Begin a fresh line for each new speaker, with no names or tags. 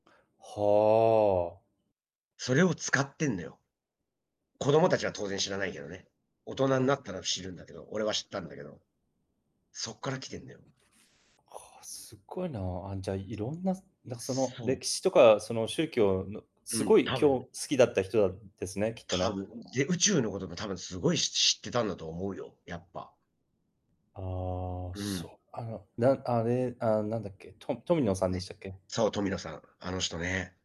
はあ。
それを使ってんだよ。子供達は当然知らないけどね。大人になったら知るんだけど、俺は知ったんだけど。そっから来てんだよ。
ああ、すごいな、あ、じゃあ、いろんななんか、その、
そう。
歴史とか、その宗教の
う
すご
ん、
い
多
き
分。
ょ好きだった人だっですね、きっと
多
ね。
分、で、宇宙のことも多分すごいし知ってたんだと思うよ、やっぱ。
ああ、
うん。
そう、あの、なんあれ、あ、なんだっけ、トトミノさん
な
で
に。
したっけ？
そう、トミノさん、あの人ね。